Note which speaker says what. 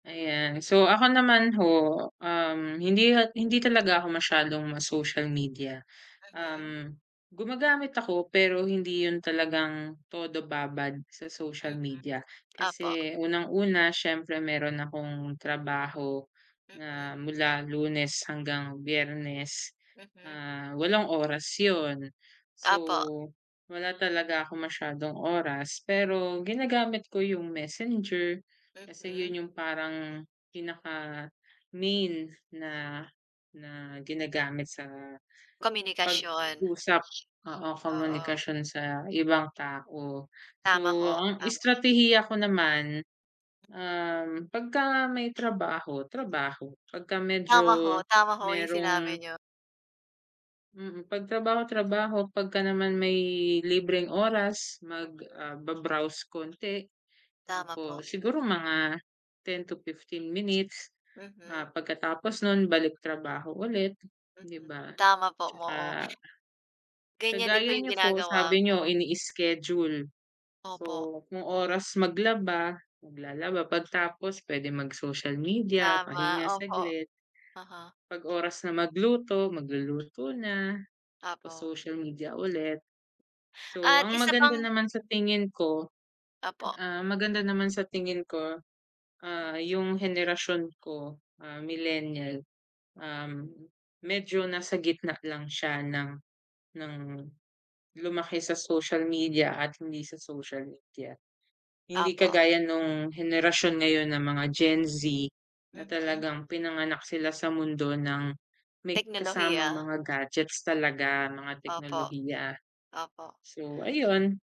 Speaker 1: Ayan. So, ako naman ho, um, hindi hindi talaga ako masyadong ma-social media.
Speaker 2: Mhm.
Speaker 1: Um, gumagamit ako, pero hindi 'yon talagang todo babad sa
Speaker 2: Mm.
Speaker 1: social media,
Speaker 2: Opo.
Speaker 1: kasi unang una siyempre mayro'n akong trabaho na
Speaker 2: Mhm.
Speaker 1: mula Lunes hanggang Biyernes,
Speaker 2: Mhm.
Speaker 1: ah, 8 oras 'yon, so
Speaker 2: Opo.
Speaker 1: wala talaga akong masyadong oras pero ginagamit ko yung messenger, kasi
Speaker 2: Mhm.
Speaker 1: 'yon yung parang pinaka-main na na ginagamit sa pag
Speaker 2: Komunikasyon.
Speaker 1: usap, oo
Speaker 2: Oh, oo.
Speaker 1: komunikasyon sa ibang tao.
Speaker 2: Tama
Speaker 1: So,
Speaker 2: ho,
Speaker 1: ang
Speaker 2: tama.
Speaker 1: estratehiya ko naman, um, pagka may trabaho, trabaho pagka
Speaker 2: Tama
Speaker 1: medyo
Speaker 2: ho, tama ho 'yong sinabi
Speaker 1: mayrong
Speaker 2: n'yo.
Speaker 1: Mm, pag trabaho, trabaho pagka naman may libreng oras mag,
Speaker 2: Mhm.
Speaker 1: ah, ba-browse konti,
Speaker 2: Tama po.
Speaker 1: tapos siguro mga 10 to 15 minutes,
Speaker 2: Mhm.
Speaker 1: ah, pagkatapos no'n balik trabaho ulit 'di
Speaker 2: Mhm.
Speaker 1: ba?
Speaker 2: Tama po,
Speaker 1: 'Tsaka
Speaker 2: oo. Ganyan din pa
Speaker 1: kagaya
Speaker 2: yung
Speaker 1: nyo po,
Speaker 2: ginagawa
Speaker 1: sabi
Speaker 2: ko.
Speaker 1: niyo ini-schedule,
Speaker 2: Opo.
Speaker 1: so kung oras maglaba, maglalaba pagtapos puwede mag social media,
Speaker 2: Tama,
Speaker 1: pahinga
Speaker 2: opo.
Speaker 1: saglit.
Speaker 2: Uh-huh.
Speaker 1: Pag oras na magluto, magluluto na o
Speaker 2: Opo.
Speaker 1: social media ulit. So,
Speaker 2: At
Speaker 1: ang
Speaker 2: isa
Speaker 1: maganda
Speaker 2: pang
Speaker 1: naman sa
Speaker 2: hmm.
Speaker 1: tingin ko,
Speaker 2: Opo.
Speaker 1: ah, maganda naman sa tingin ko,
Speaker 2: Hmm.
Speaker 1: ah, yung henerasyon ko, ah, millennial, um, medyo nasa gitna lang siya ng, ng lumaki sa social media at hindi sa social media. Hindi
Speaker 2: Opo.
Speaker 1: kagaya nung henerasyon ngayon ng mga Gen Z, na
Speaker 2: Mhm.
Speaker 1: talagang pinanganak sila sa mundo ng may kasamang
Speaker 2: Teknolohiya.
Speaker 1: mga gadgets talaga, mga
Speaker 2: Opo.
Speaker 1: teknolohiya.
Speaker 2: Opo.
Speaker 1: So ayun.